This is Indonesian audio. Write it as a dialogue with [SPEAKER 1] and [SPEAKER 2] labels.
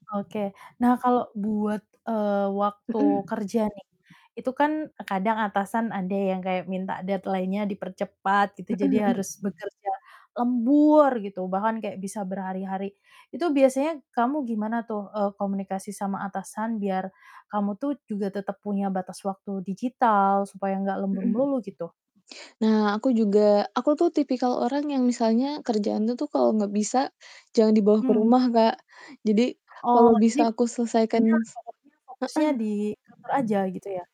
[SPEAKER 1] Oke. Nah kalau buat, eee, waktu
[SPEAKER 2] Mhm.
[SPEAKER 1] kerja nih, itu kan kadang atasan ada yang kayak minta deadline-nya dipercepat gitu,
[SPEAKER 2] Mhm
[SPEAKER 1] jadi
[SPEAKER 2] mhm.
[SPEAKER 1] harus bekerja lembur gitu, bahkan kayak bisa berhari-hari. Itu biasanya kamu gimana tuh, e komunikasi sama atasan, biar kamu tuh juga tetap punya batas waktu digital, supaya nggak lembur
[SPEAKER 2] Mhm.
[SPEAKER 1] melulu, gitu?
[SPEAKER 2] Nah, aku juga aku tuh tipikal orang yang misalnya kerjaan tuh tuh kalau nggak bisa, jangan dibawa ke
[SPEAKER 1] Mmm.
[SPEAKER 2] rumah, Kak. Jadi,
[SPEAKER 1] Oh
[SPEAKER 2] kalau
[SPEAKER 1] jadi,
[SPEAKER 2] bisa aku selesaikan s
[SPEAKER 1] [unintelligible] fokusnya di kantor aja,
[SPEAKER 2] heeh.
[SPEAKER 1] gitu ya?